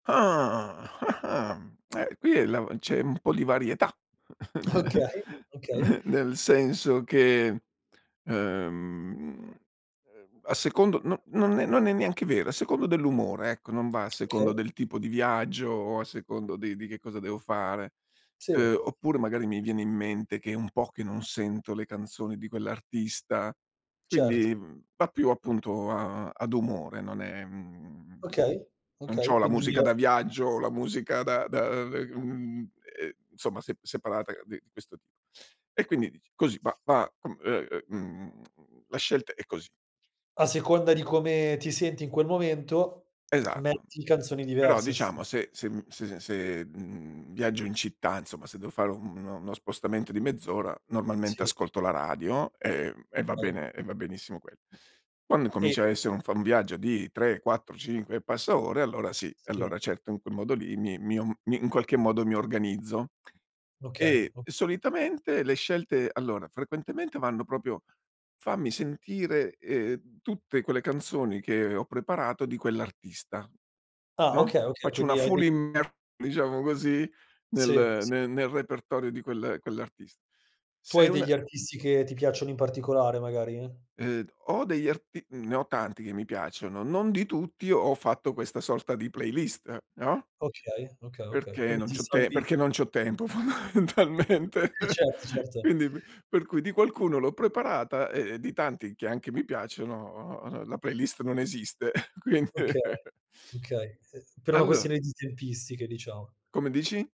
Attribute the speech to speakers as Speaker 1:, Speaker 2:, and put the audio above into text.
Speaker 1: Ah, ah-ah! Mhmm, eh, qui la c'è un po' di varietà
Speaker 2: Okay, okay.
Speaker 1: n nel senso che, ehm, ehm, a secondo no non è non è neanche vera, a secondo dell'umore, ecco, non va a secondo
Speaker 2: Okay.
Speaker 1: del tipo di viaggio o a secondo di di che cosa devo fare.
Speaker 2: Sì.
Speaker 1: Ehm, oppure magari mi viene in mente che è un po' che non sento le canzoni di quell'artista,
Speaker 2: Cert
Speaker 1: quindi, mhmm, va più appunto a ad umore, non è mhmm,
Speaker 2: Okay,
Speaker 1: non
Speaker 2: okay,
Speaker 1: c'ho la
Speaker 2: quindi il
Speaker 1: musica da viaggio, la musica da da, ehm, ehm, insomma sep separata di questo tip e quindi dici: "Così, va, va com ehm, mhmm, la scelta è così."
Speaker 2: A seconda di come ti senti in quel momento,
Speaker 1: Esatto,
Speaker 2: metti canzoni
Speaker 1: però
Speaker 2: diverse st
Speaker 1: diciamo se se mhmm, se se, mhmm, viaggio in città, insomma se devo fare u no no spostamento di mezz'ora normalmente
Speaker 2: Sì.
Speaker 1: ascolto la radio e e va
Speaker 2: Ae
Speaker 1: bene e va benissimo quel Quando
Speaker 2: E
Speaker 1: incomincia a esse un fa un viaggio di 3, 4, 5 e passa ore allora sì,
Speaker 2: Sì.
Speaker 1: allora certo, in quel modo lì mi mi om mi in qualche modo mi organizzo.
Speaker 2: Okay,
Speaker 1: E
Speaker 2: o
Speaker 1: solitamente le scelte, allora, frequentemente vanno proprio fammi sentire, ehm, tutte quelle canzoni che ho preparato di quell'artista,
Speaker 2: Ah!
Speaker 1: no,
Speaker 2: Okay, okay,
Speaker 1: faccio una
Speaker 2: quindi hai
Speaker 1: full
Speaker 2: dei
Speaker 1: immer diciamo così,
Speaker 2: Sì.
Speaker 1: nel
Speaker 2: S
Speaker 1: ne nel repertorio di quel quell'artist
Speaker 2: Tu
Speaker 1: Se
Speaker 2: hai
Speaker 1: una
Speaker 2: degli artisti che ti piacciono in particolare magari?
Speaker 1: Ehm, ho degli arti ne ho tanti che mi piacciono, non di tutti ho fatto questa sorta di playlist, no.
Speaker 2: Okay, okay, okay.
Speaker 1: Perché
Speaker 2: Quindi
Speaker 1: non
Speaker 2: ti
Speaker 1: c'ho te
Speaker 2: salvi
Speaker 1: perché non c'ho tempo fondamentalmente.
Speaker 2: Sì, certo, certo.
Speaker 1: Quindi p per cui di qualcuno l'ho preparata e di tanti, che anche mi piacciono, uhm, la playlist non esiste, quind
Speaker 2: Okay. Okay, ehm, per una
Speaker 1: Allo
Speaker 2: questione di tempistiche, diciamo.
Speaker 1: Come dici?